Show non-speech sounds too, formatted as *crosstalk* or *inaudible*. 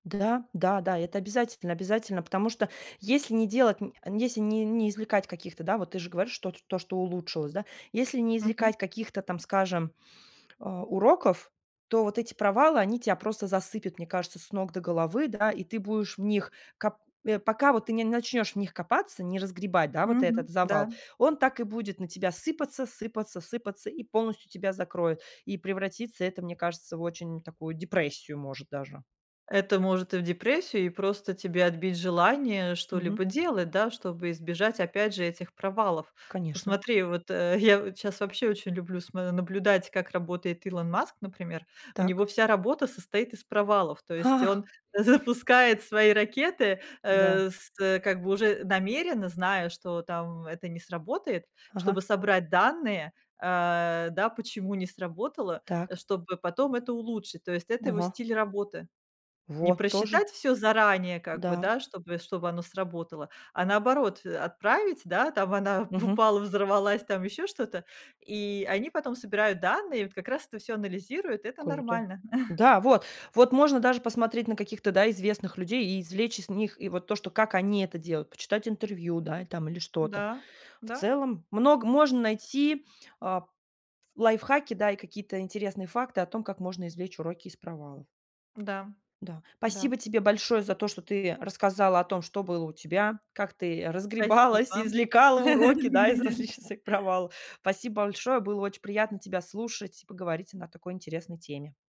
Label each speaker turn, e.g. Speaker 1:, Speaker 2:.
Speaker 1: Да, да, да, это обязательно обязательно, потому что если не делать н если не не извлекать каких-то, да, вот ты же говоришь, что т то, что улучшилось, да. Если не
Speaker 2: Мгм.
Speaker 1: извлекать каких-то там, скажем, а, уроков, то вот эти провалы, они тя просто засыпят, мне кажется, с ног до головы, да, и ты будешь в них, кап э, пока вот ты не начнешь в них копаться, не разгребать, да, вот этот
Speaker 2: Мгм.
Speaker 1: завал,
Speaker 2: Да.
Speaker 1: он так и будет на тебя сыпаться сыпаться сыпаться и полностью тебя закроет. И превратится это, мне кажется, в очень такую депрессию, может даже.
Speaker 2: Это может и в депрессию, и просто тебе отбить желание
Speaker 1: Мгм.
Speaker 2: что-либо делать, да, чтобы избежать опять же этих провалов.
Speaker 1: Конечно.
Speaker 2: Посмотри, вот, э, я вот щас, вообще очень люблю смо наблюдать, как работает Илон Маск, например. У
Speaker 1: Так.
Speaker 2: него вся работа состоит из провалов. То есть
Speaker 1: Ха.
Speaker 2: он запускает свои ракеты,
Speaker 1: Да.
Speaker 2: э, с, э, как бы уже намеренно зная, что там, это не сработает,
Speaker 1: Ага.
Speaker 2: чтобы собрать данные, а, да, почему не сработало, а,
Speaker 1: Так.
Speaker 2: чтобы потом это улучшить. То есть это его
Speaker 1: Ого.
Speaker 2: стиль работы. Не
Speaker 1: Во, тоже.
Speaker 2: просчитать всё заранее как бы,
Speaker 1: Да.
Speaker 2: да, чтобы чтобы оно сработало, а наоборот, э, отправить, да, там она
Speaker 1: Мгм.
Speaker 2: упала, взорвалась, там, ещё что-то. И они потом собирают данные, вот как раз это всё анализируют, и это
Speaker 1: Круто.
Speaker 2: нормально. *chuckles*
Speaker 1: Да, вот вот можно даже посмотреть на каких-то, да, известных людей и извлечь из них, и вот то, что как они это делают, почитать интервью, да, там или что-то.
Speaker 2: Да,
Speaker 1: В
Speaker 2: да.
Speaker 1: целом, много можно найти, а, п лайфхаки, да, и какие-то интересные факты о том, как можно извлечь уроки из провалов.
Speaker 2: Да,
Speaker 1: Да,
Speaker 2: да.
Speaker 1: спасибо тебе большое за то, что ты рассказала о том, что было у тебя, как ты разгребалась,
Speaker 2: Спасибо.
Speaker 1: извлекала уроки, да, из
Speaker 2: *laughs*
Speaker 1: различных своих провал. Спасибо большое, было очень приятно тебя слушать и поговорить о на такой интересной теме.